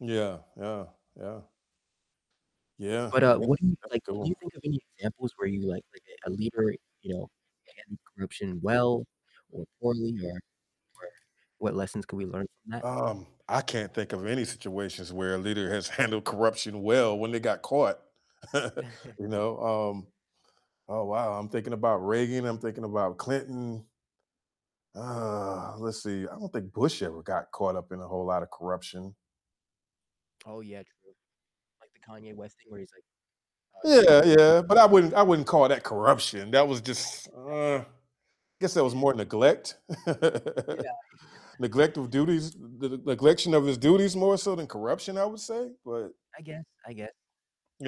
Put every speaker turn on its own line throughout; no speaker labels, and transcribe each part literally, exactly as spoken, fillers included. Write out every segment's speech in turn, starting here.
Yeah, yeah, yeah. Yeah,
But, uh, what
that's
do you,
that's
like, can you
cool.
think of any examples where you like like a leader, you know, handled corruption well? Or poorly? Or or what lessons could we learn from that?
Um, I can't think of any situations where a leader has handled corruption well when they got caught. You know? Um oh, wow, I'm thinking about Reagan, I'm thinking about Clinton. Uh, let's see, I don't think Bush ever got caught up in a whole lotta corruption.
Oh yeah, true, like the Kanye West thing where he's like, uh, "George
Yeah,
W. Bush"
yeah but I wouldn't I wouldn't call that corruption that was just, uh I guess that was more neglect?
Yeah, yeah.
Neglect of duties the the neglection of his duties more so than corruption, I would say? But
I guess, I guess.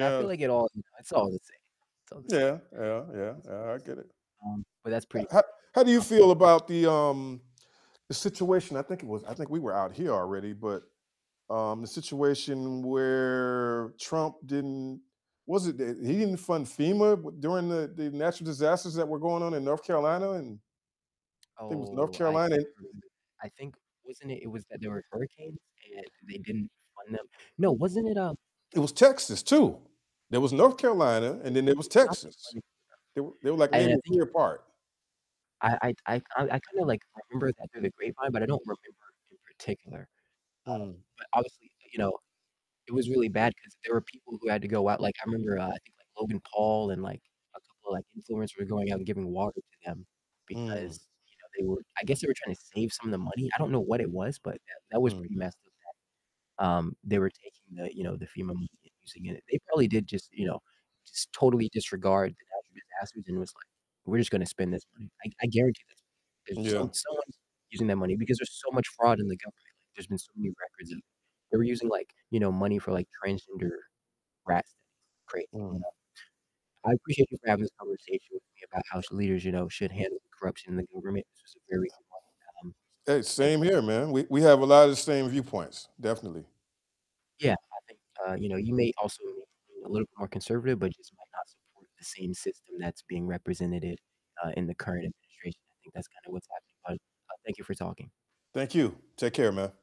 I feel like it all it's all the same, it's all the
Yeah,
same
yeah, yeah,
in some
yeah, I
ways,
get it.
um, but that's
H
pretty
how how do you
funny. [unintelligible]
feel about the, um the situation? I think it was I think we were out here already, but, um, the situation where Trump didn't was it that he didn't fund FEMA? W during the the natural disasters that were going on in North Carolina? And think it was North
Oh, I
Carolina and
think I remember, I think wasn't it it was that there were hurricanes, and they didn't fund them? No, wasn't it, um
It was Texas, too. There was North
Oh
Carolina,
yeah,
and then
they
there was
they stopped the
Texas.
funding for
They were they were, like,
them, and I
maybe a
think it
year
was
apart.
I I'd I I kinda, like, remember that through the grapevine, but I don't remember in particular, uh,
Mm.
but obviously, you know, it was really bad 'cause there were people who had to go out like, I remember, uh, I think, like, Logan Paul and, like, a couple of, like, influencers were going out and giving water to them
Mm.
because, you know, they were I guess they were trying to save some of the money? I don't know what it was, but that that was pretty
Mhm.
messed up that, um, they were taking the, you know the FEMA money and using it they probably did just, you know just totally disregard the natural disasters, and it was like, "We're just gonna spend this money." I g I guarantee [unintelligible] that there's
Yeah.
some someone's using that money because there's so much fraud in the government like there's been so many records of they were using, like, you know, money for, like, transgender rat studies crazy
Mm.
stuff. I appreciate you for having this conversation with me about sh how leaders, you know, should handle corruption in the government this was a very good one, um, so,
Hey,
thank you.
same here, man we we have a lotta the same viewpoints, definitely.
Yeah, I think, uh, you know, you may also lean a little bit more conservative, but you just might not support the same system that's being representeded, uh, in the current administration, I think that's kind of what's happening, but, uh, thank you for talking.
Thank you, take care, man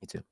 You too.